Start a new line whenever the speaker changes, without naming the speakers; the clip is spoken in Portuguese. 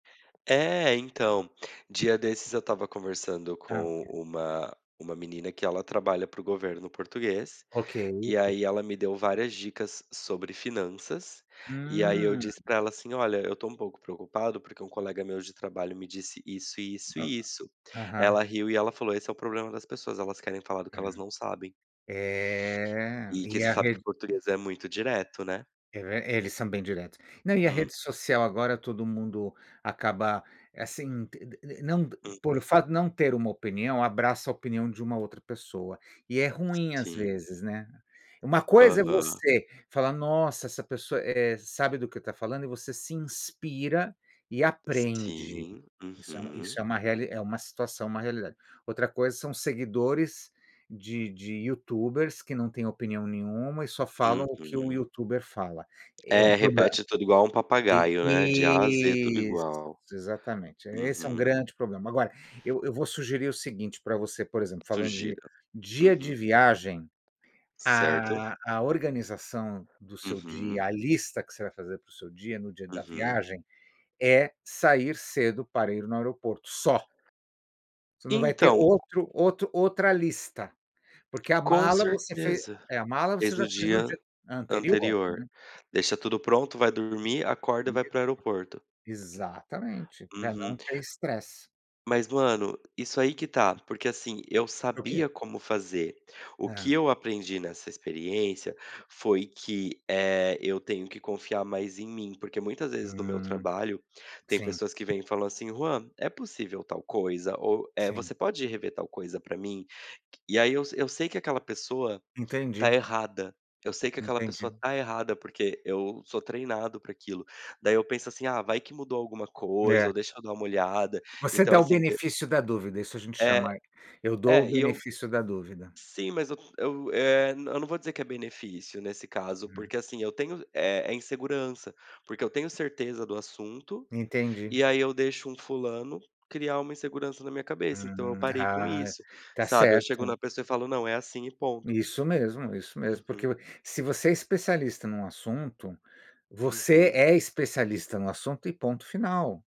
É, então, dia desses eu estava conversando
Ah,
com
ok.
uma uma menina que ela trabalha para o governo português,
Ok.
e aí ela me deu várias dicas sobre finanças, e aí eu
Hum.
disse para ela assim: "Olha, tô um pouco preocupado, porque um colega meu de trabalho me disse: "Isso e isso
Aham.
e isso"".
Aham.
Ela riu e ela falou: "Esse é o problema das pessoas, elas querem falar do que
É.
elas não sabem".
É,
E que
e
você
a
sabe que o
rede
português é muito direto, né.
É, ver eles são bem diretos. Não, e a
Hum.
rede social, agora todo mundo acaba, assim, te de de não d por o
Uhum.
fato de não ter uma opinião, abraça a opinião de uma outra pessoa e é ruim, às
Sim.
vezes, né. Uma coisa é
Aham.
você falar: "Nossa, essa pessoa, eh, sabe do que está falando" e você se inspira e
Si
aprende.
sim,
Isso é isso
uhum.
é uma reali é uma situação, uma realidade. Outra coisa são: seguidores de de youtubers, que não têm opinião nenhuma e só falam o que o
Uhum.
youtuber fala. É um
É,
problema.
repete tudo igual um papagaio, né, de A a Z, tudo
E, isso,
igual.
exatamente, esse é um
Uhum.
grande problema. Agora, eu eu vou sugerir o seguinte para você, por exemplo, falando de
Sugira.
dia de
Uhum.
viagem,
Certo.
ah, a organização do seu
Uhum.
dia, a lista que você vai fazer para o seu dia no dia da
Uhum.
viagem, é sair cedo para ir no aeroporto, só. Você não vai ter
Então.
outro outro outra lista, porque a
Com
mala você fe
certeza,
é a mala você
fez
já
no
fez no
dia
dia anterior, né.
anterior. Deixa tudo pronto, vai dormir, acorda
E
e vai para
mesmo.
o aeroporto.
Exatamente, para não
Uhum.
ter estresse.
Mas, mano, isso aí que tá, porque, assim, eu
O quê?
sabia como fazer. O que
Hã.
eu aprendi nessa experiência foi que, eh, eu tenho que confiar mais em mim, porque muitas vezes no meu
Hum.
trabalho, tem
Sim.
pessoas que vêm e falam assim: "Juan, é possível tal coisa, ou, eh,
Sim.
você pode rever tal coisa para mim?". Qui. E aí, eu eu sei que aquela pessoa
Entendi.
tá errada, eu sei que aquela
Entendi.
pessoa tá errada porque, eu sou treinado para aquilo. Daí eu penso assim: "Ah, vai que mudou alguma coisa"
É.
ou "Deixa eu dar uma molhada",
Você
então,
dá o
assim, de
benefício da dúvida, isso a gente
É.
chama aí, "Eu dou o
É e eu
benefício da dúvida".
sim mas eu eu, eh, eu não vou dizer que é benefício, nesse caso,
Hum.
porque, assim, eu tenho, eh, é insegurança, porque eu tenho certeza do assunto,
Entendi.
e aí eu deixo um fulano criar uma insegurança na minha cabeça, então eu
Uhum.
parei com
Ah.
isso,
Tá
sabe, eu chego
certo.
na pessoa e falo: "Não, é assim e ponto".
Isso mesmo, isso mesmo, porque
Uhum.
vo se você é especialista em um assunto, você
Uhum.
é especialista no assunto e ponto final.